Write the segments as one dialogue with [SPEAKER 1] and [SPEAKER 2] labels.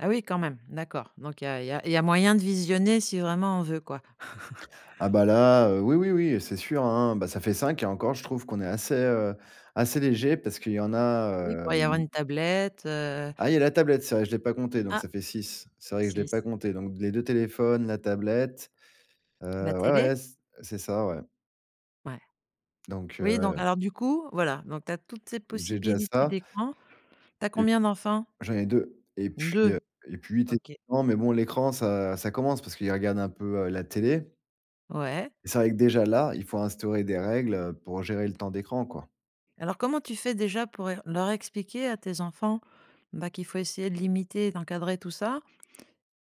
[SPEAKER 1] Ah oui, quand même, d'accord. Donc il y a il y a il y a moyen de visionner si vraiment on veut, quoi.
[SPEAKER 2] Ah, bah là, heu, oui, oui, oui, c'est sûr, hein, bah ça fait 5 et encore je trouve qu'on est assez, heu, assez léger parce qu'il y en a,
[SPEAKER 1] Oui, il pourrait y
[SPEAKER 2] heu,
[SPEAKER 1] avoir
[SPEAKER 2] ils
[SPEAKER 1] une tablette, heu
[SPEAKER 2] Ah! il y a la tablette, c'est vrai, je l'ai pas comptée, donc
[SPEAKER 1] Ah,
[SPEAKER 2] ça fait 6, c'est vrai que je l'ai
[SPEAKER 1] 6!
[SPEAKER 2] pas comptée, donc d les 2 téléphones, la tablette, heu,
[SPEAKER 1] La
[SPEAKER 2] ouais,
[SPEAKER 1] télé?
[SPEAKER 2] ouais, c heu, c'est ça, ouais
[SPEAKER 1] Ouais.
[SPEAKER 2] donc,
[SPEAKER 1] Oui, donc
[SPEAKER 2] heu
[SPEAKER 1] alors du coup, voilà, donc tu as toutes ces
[SPEAKER 2] j'ai déjà
[SPEAKER 1] possibilités
[SPEAKER 2] ça
[SPEAKER 1] d'écran. Tu as
[SPEAKER 2] et p
[SPEAKER 1] combien d'enfants?
[SPEAKER 2] j'en ai 2 et puis, heu,
[SPEAKER 1] 2.
[SPEAKER 2] et puis
[SPEAKER 1] OK.
[SPEAKER 2] techniquement mais bon l'écran ça ça commence parce qu'il regarde un peu, heu, la télé
[SPEAKER 1] Ouais.
[SPEAKER 2] et c'est vrai que déjà, là, il faut instaurer des règles, heu, pour gérer le temps d'écran, quoi.
[SPEAKER 1] Alors, comment tu fais déjà pour ér leur expliquer à tes enfants, bah qu'il faut essayer de limiter et d'encadrer tout ça?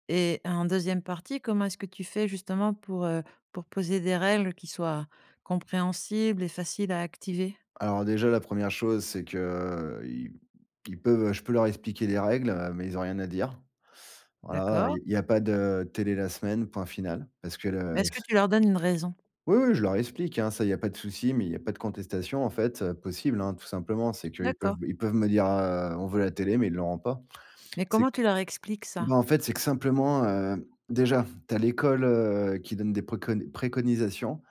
[SPEAKER 1] Et en 2e partie, comment est-ce que tu fais justement pour, heu, pour poser des règles qui soient, compréhensibles et faciles à activer?
[SPEAKER 2] Alors déjà, la 1re chose, c'est qu'ils ils peuvent, heu, je peux leur expliquer les règles, heu, mais ils ont rien à dire. Voilà, il
[SPEAKER 1] D'accord.
[SPEAKER 2] y il y a pas de télé la semaine, point final, parce que
[SPEAKER 1] Mais
[SPEAKER 2] le
[SPEAKER 1] est-ce que
[SPEAKER 2] s
[SPEAKER 1] tu leur donnes une raison?
[SPEAKER 2] Oui, oui, je leur explique, hein, ça il y a pas de souci, mais il y a pas de contestation, en fait, heu, possible, hein, tout simplement. C'est qu'ils peuvent
[SPEAKER 1] D'accord.
[SPEAKER 2] me ils peuvent me dire, heu, on veut la télé, mais ils l'auront pas.
[SPEAKER 1] Mais
[SPEAKER 2] C'est q
[SPEAKER 1] comment tu leur expliques
[SPEAKER 2] bah
[SPEAKER 1] ça?
[SPEAKER 2] en fait, c'est que simplement, heu, déjà, tu as l'école, heu, qui donne des préconnes préconisations,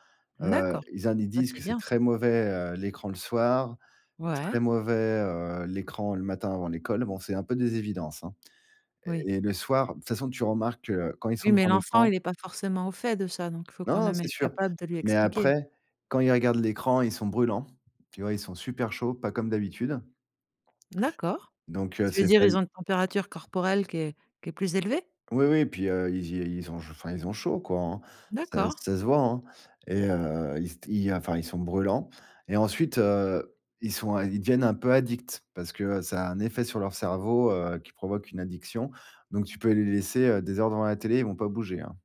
[SPEAKER 2] heu,
[SPEAKER 1] D'accord,
[SPEAKER 2] ils en ils
[SPEAKER 1] ça
[SPEAKER 2] disent
[SPEAKER 1] c'est
[SPEAKER 2] que c'est
[SPEAKER 1] bien, ça.
[SPEAKER 2] très mauvais, heu, l'écran le soir,
[SPEAKER 1] Ouais.
[SPEAKER 2] très mauvais, heu, l'écran le matin, avant l'école. Bon, c'est un peu des évidences, hein
[SPEAKER 1] Oui.
[SPEAKER 2] et et le soir, de toute façon, tu remarques, heu, quand ils
[SPEAKER 1] Oui,
[SPEAKER 2] sont
[SPEAKER 1] mais
[SPEAKER 2] devant
[SPEAKER 1] l'enfant
[SPEAKER 2] l'écran
[SPEAKER 1] il est pas forcément au fait de ça, donc faut quand
[SPEAKER 2] Non!
[SPEAKER 1] même
[SPEAKER 2] C'est
[SPEAKER 1] être
[SPEAKER 2] sûr.
[SPEAKER 1] capable de lui
[SPEAKER 2] Mais
[SPEAKER 1] expliquer.
[SPEAKER 2] après, quand ils regardent l'écran, ils sont brûlants. Tu vois, ils sont super chauds, pas comme d'habitude
[SPEAKER 1] D'accord.
[SPEAKER 2] donc, heu,
[SPEAKER 1] Tu veux
[SPEAKER 2] c'est
[SPEAKER 1] dire,
[SPEAKER 2] ça,
[SPEAKER 1] ils
[SPEAKER 2] ils
[SPEAKER 1] ont une température corporelle qui est qui est plus élevée?
[SPEAKER 2] Oui, oui, puis, heu, ils y ils ont je enfin, ils ont chaud, quoi, hein, ça
[SPEAKER 1] D'accord.
[SPEAKER 2] ça se voit, hein et heu, ils st ils, heu, enfin ils sont brûlants et ensuite, heu, ils sont un ils deviennent un peu addicts parce que ça a un effet sur leur cerveau, heu, qui provoque une addiction donc tu peux les laisser, heu, des heures devant la télé, ils vont pas bouger, hein.